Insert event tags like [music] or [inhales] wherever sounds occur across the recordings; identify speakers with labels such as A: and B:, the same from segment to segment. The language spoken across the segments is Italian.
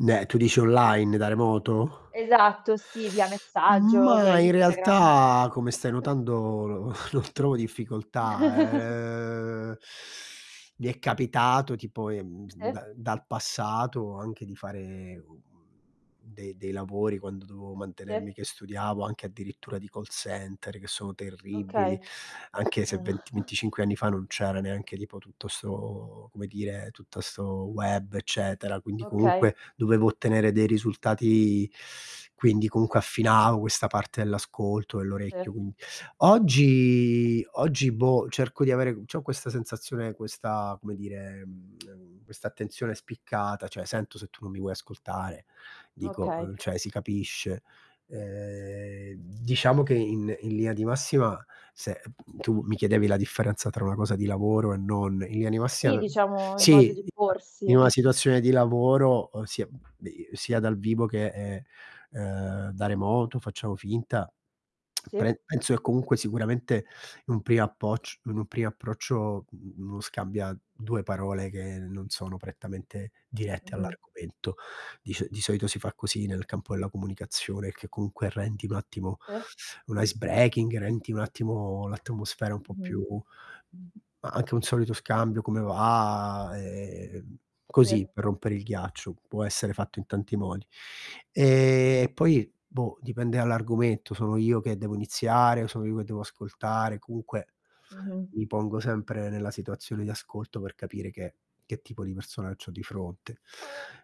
A: Né, tu dici online, da remoto?
B: Esatto, sì, via messaggio, via
A: Ma, in
B: Instagram.
A: realtà, come stai notando, no non trovo
B: [chuckles]
A: difficoltà, ehm, mi è capitato, tipo, ehm,
B: E
A: da dal passato, anche di fare, uhm, de dei lavori quando dovevo
B: Sì.
A: mantenermi che studiavo, anche addirittura di call center, che sono
B: Okay.
A: terribili, anche se vent
B: [chuckles]
A: 25 anni fa non c'era neanche tipo tutto 'sto come dire, tutta 'sto web eccetera, quindi
B: Okay.
A: comunque dovevo ottenere dei risultati quindi comunque affinavo questa parte dell'ascolto,
B: Sì.
A: dell'orecchio, quin oggi oggi boh, cerco di avere c'ho questa sensazione questa come dire, ehm, questa attenzione spiccata, cioè sento se tu non mi vuoi ascoltare. Dico
B: Okay.
A: ehm, cioè si capisce. Ehm, diciamo che in in linea di massima, se tu mi chiedevi la differenza tra una cosa di lavoro e non, in linea di massima
B: Sì,
A: d
B: diciamo il modo
A: sì
B: di
A: [unintelligible] in
B: porsi.
A: una situazione di lavoro, uhm, sia dei sia dal vivo che, ehm, ehm, da remoto, facciamo finta, [clicks tongue]
B: Sì.
A: pre penso che comunque, sicuramente in un primo appoc in un primo approccio u u uno scambia 2 parole che non sono prettamente dirette
B: Mh-mh.
A: all'argomento. Di scio di solito si fa così nel campo della comunicazione che comunque rendi un attimo
B: Sì.
A: un icebreaking, rendi un attimo l'atmosfera un po'
B: Mh-mh.
A: più mhmm, a anche un solito scambio: "Come va", ehm, così
B: Sì.
A: per rompere il ghiaccio, può essere fatto in tanti modi. E poi boh, dipende dall'argomento, sono io che devo iniziare o sono io che devo ascoltare, comunque
B: Mh-mh.
A: mi pongo sempre nella situazione di ascolto, per capire che che tipo di persona c'ho di fronte.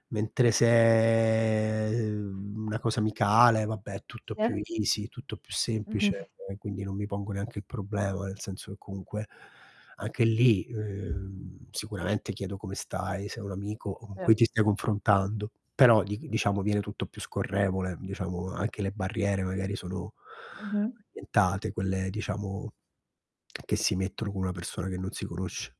A: Mentre se, ehm, una cosa amicale, vabbè è tutto
B: Sì.
A: più easy, è tutto più
B: Mh-mh.
A: semplice e quindi non mi pongo neanche il problema, nel senso che comunque anche lì, ehm, sicuramente chiedo come stai, sei un amico con cui
B: Sì.
A: ti stai confrontando, però dighi diciamo viene tutto più scorrevole, diciamo, anche le barriere magari sono [inhales]
B: Mh-mh.
A: [unintelligible] quelle, diciamo, che si mettono con una persona che non si conosce.